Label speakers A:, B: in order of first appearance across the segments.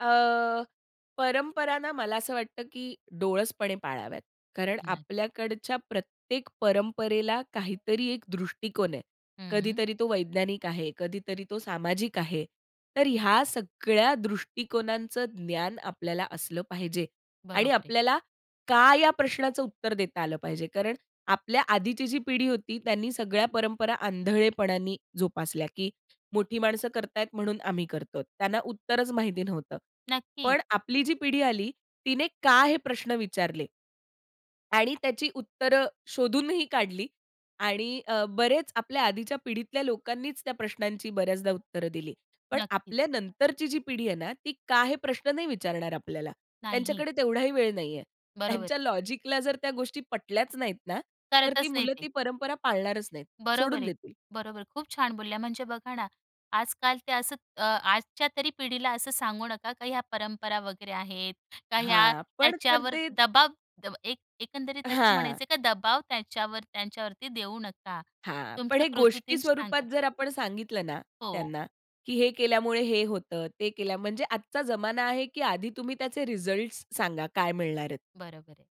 A: अ, परंपरा ना मला असं वाटतं, की डोळसपणे पाळाव्यात कारण
B: नाही.
A: आपल्याकडच्या प्रत्येक परंपरेला काहीतरी एक दृष्टिकोन आहे.
B: हं.
A: कधीतरी तो वैज्ञानिक आहे, कधीतरी तो सामाजिक आहे. तर ह्या सगळ्या दृष्टिकोनांचं ज्ञान आपल्याला असलं पाहिजे आणि
B: बरोबर आहे.
A: आपल्याला का या प्रश्नाचं उत्तर देता आलं पाहिजे. कारण आपल्या आधीची जी पिढी होती, त्यांनी सगळ्या परंपरा आंधळेपणाने जोपासल्या, की मोठी माणसं करत आहेत म्हणून आम्ही करतो. त्यांना उत्तरच माहिती नव्हतं.
B: नक्कीच.
A: पण आपली जी पिढी आली, तिने का हे प्रश्न विचारले. आणि त्याची उत्तरं शोधूनही काढली आणि अ, बरेच आपल्या आधीच्या पिढीतल्या लोकांनीच त्या प्रश्नांची बऱ्याचदा उत्तर दिली. पण
B: नक्कीच.
A: आपल्या नंतरची जी पिढी आहे ना, ती का हे प्रश्न नाही विचारणार आपल्याला.
B: नाही.
A: त्यांच्याकडे तेवढाही वेळ नाही आहे.
B: बरोबर.
A: त्यांच्या लॉजिकला जर त्या गोष्टी पटल्याच नाहीत ना, तर ती
B: करतच नाही
A: मुलं
B: ते.
A: ती परंपरा पाळणारच नाहीत.
B: बरोबर
A: सोडून
B: आहे,
A: देतील.
B: बरोबर आहे. खूप छान बोलल्या म्हणजे बघा ना, आजकाल ते असं अ, आजच्या तरी पिढीला असं सांगू नका का, ह्या परंपरा वगैरे आहेत, का ह्या
A: हां, पण तर
B: त्याच्यावर
A: ते
B: दबाव द एक एकंदरीत असं
A: हां.
B: म्हणायचं का, दबाव त्याच्यावर त्यांच्यावरती देऊ नका.
A: हां, पण
B: तुमच्या
A: हे गोष्टी
B: कृतीतून
A: स्वरूपात
B: सांगा.
A: जर आपण सांगितलं ना
B: हो.
A: त्यांना, की हे केल्यामुळे हे होतं. ते केल्यामुळे म्हणजे आजचा जमाना आहे, की आधी तुम्ही त्याचे रिजल्टस सांगा काय मिळणार आहेत.
B: बरोबर आहे.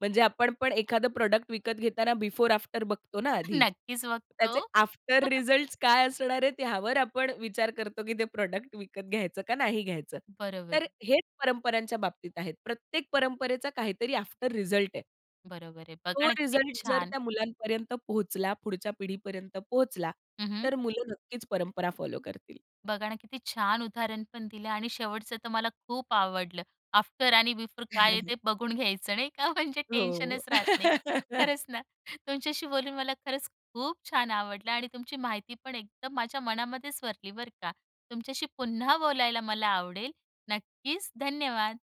A: म्हणजे आपण पण एखादं प्रॉडक्ट विकत घेताना बिफोर, आफ्टर बघतो ना आधी.
B: नक्कीच बघतो.
A: त्याचे आफ्टर रिजल्टस काय असणार आहे त्यावर आपण विचार करतो, की ते प्रॉडक्ट विकत घ्यायचं का नाही घ्यायचं.
B: बरोबर
A: तर
B: आहे.
A: हेच परंपरांच्या बाबतीत आहेत. प्रत्येक परंपरेचा काहीतरी आफ्टर रिजल्ट आहे.
B: बरोबर आहे. बघा
A: तो
B: ना, किती
A: रिजल्ट जर
B: छान.
A: त्या मुलांपर्यंत पोहोचला. पुढच्या पिढीपर्यंत पोहोचला.
B: हं, हं.
A: तर मुलं नक्कीच परंपरा फॉलो करतील.
B: बघा ना, किती छान उदाहरण पण दिलं आणि शेवटचं तर मला खूप आवडलं. आफ्टर आणि बिफोर काय आहे ते बघून घ्यायचं नाही का म्हणजे
A: हो.
B: टेन्शनच राहत नाही. खरंच ना. तुमच्याशी बोलून मला खरंच खूप छान आवडलं आणि तुमची माहिती पण एकदम माझ्या मनामध्येच भरली बरं का. तुमच्याशी पुन्हा बोलायला मला आवडेल. नक्कीच धन्यवाद.